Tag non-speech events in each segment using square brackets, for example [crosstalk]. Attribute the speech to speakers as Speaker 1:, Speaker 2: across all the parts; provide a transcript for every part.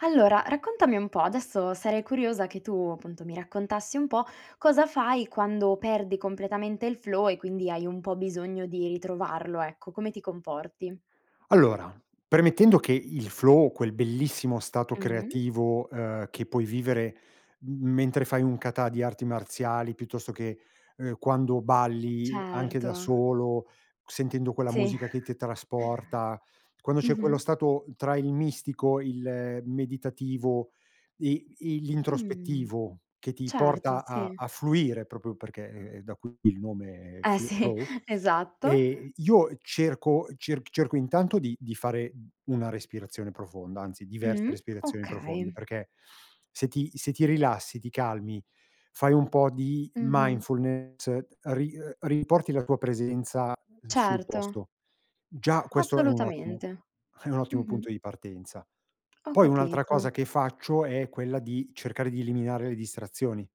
Speaker 1: Allora, raccontami un po', adesso sarei curiosa che tu appunto mi raccontassi un po' cosa fai quando perdi completamente il flow e quindi hai un po' bisogno di ritrovarlo, ecco. Come ti comporti?
Speaker 2: Allora, premettendo che il flow, quel bellissimo stato
Speaker 1: Mh.
Speaker 2: creativo, uhm, che puoi vivere m mentre fai un kata di arti marziali, piuttosto che, ehm, quando balli anche da
Speaker 1: Certo.
Speaker 2: solo, sentendo quella
Speaker 1: Sì.
Speaker 2: musica che ti trasporta,
Speaker 1: [chuckles]
Speaker 2: quando c'è quello
Speaker 1: Mh-mh.
Speaker 2: stato tra il mistico, il meditativo e i
Speaker 1: Mh,
Speaker 2: l'introspettivo, che ti
Speaker 1: certo,
Speaker 2: porta a
Speaker 1: sì.
Speaker 2: a fluire proprio perché è è da qui il nome, è
Speaker 1: Eh
Speaker 2: f
Speaker 1: sì,
Speaker 2: flow,
Speaker 1: esatto.
Speaker 2: e io cerco cerc cerco intanto di di fare u una respirazione profonda, anzi diverse
Speaker 1: Mh,
Speaker 2: respirazioni profonde,
Speaker 1: okay.
Speaker 2: perché se ti se ti rilassi, ti calmi, fai un po' di
Speaker 1: Mh-mh.
Speaker 2: mindfulness, ri riporti la tua presenza sul
Speaker 1: Certo.
Speaker 2: posto. Già questo è un ottimo
Speaker 1: Assolutamente.
Speaker 2: è un ottimo
Speaker 1: Mh-mh.
Speaker 2: punto di partenza.
Speaker 1: Ho
Speaker 2: Poi un'altra cosa
Speaker 1: capito.
Speaker 2: che faccio è quella di cercare di eliminare le distrazioni,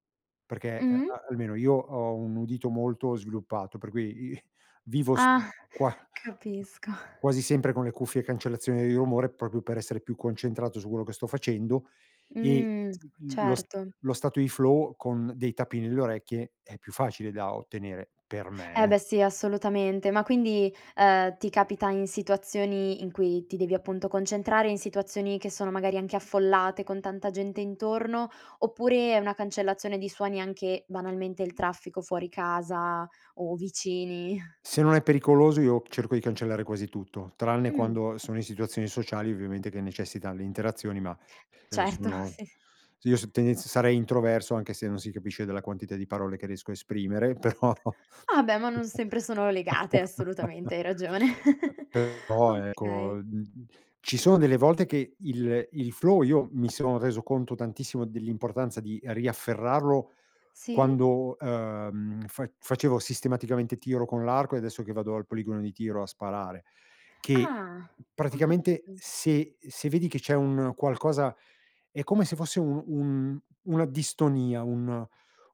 Speaker 2: perché a
Speaker 1: Mh.
Speaker 2: almeno io ho un udito molto sviluppato, per cui i vivo s
Speaker 1: Ah,
Speaker 2: qua g
Speaker 1: capisco.
Speaker 2: quasi sempre con le cuffie e cancellazione dei rumore proprio per essere più concentrato su quello che sto facendo e
Speaker 1: Mh,
Speaker 2: l lo s uhm,
Speaker 1: certo.
Speaker 2: lo stato di flow con dei tappi nelle orecchie è più facile da ottenere per
Speaker 1: Eh
Speaker 2: me, eh.
Speaker 1: beh sì, assolutamente. Ma quindi, uhm, ti capita in situazioni in cui ti devi appunto concentrare, in situazioni che sono magari anche affollate, con tanta gente intorno? Oppure è una cancellazione di suoni, anche banalmente il traffico fuori casa o vicini?
Speaker 2: Se non è pericoloso io cerco di cancellare quasi tutto, tranne
Speaker 1: Mh.
Speaker 2: quando sono in situazioni sociali ovviamente che necessitano le interazioni, ma se
Speaker 1: Certo,
Speaker 2: sono
Speaker 1: sì, s
Speaker 2: s io s tendenz sarei introverso anche se non si capisce dalla quantità di parole che riesco a esprimere, però,
Speaker 1: Ah, beh, ma non sempre sono legate,
Speaker 2: [chuckles]
Speaker 1: assolutamente, hai ragione. [chuckles]
Speaker 2: però ecco,
Speaker 1: Okay.
Speaker 2: mhmm, ci sono delle volte che il il flow, io mi sono reso conto tantissimo dell'importanza di riafferrarlo
Speaker 1: Sì.
Speaker 2: quando, ehm, fa facevo sistematicamente tiro con l'arco e adesso che vado al poligono di tiro a sparare, che
Speaker 1: Ah, ho
Speaker 2: praticamente
Speaker 1: capito.
Speaker 2: se se vedi che c'è un qualcosa è come se fosse un un una distonia, un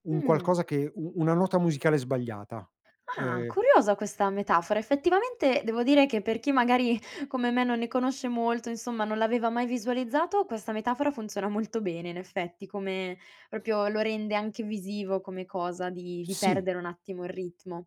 Speaker 2: un
Speaker 1: Mh.
Speaker 2: qualcosa che u una nota musicale sbagliata.
Speaker 1: Ah,
Speaker 2: Uhm
Speaker 1: curiosa questa metafora. Effettivamente devo dire che per chi magari come me non ne conosce molto, insomma, non l'aveva mai visualizzato, questa metafora funziona molto bene in effetti. Come proprio lo rende anche visivo come cosa di di
Speaker 2: Sì.
Speaker 1: perdere un attimo il ritmo.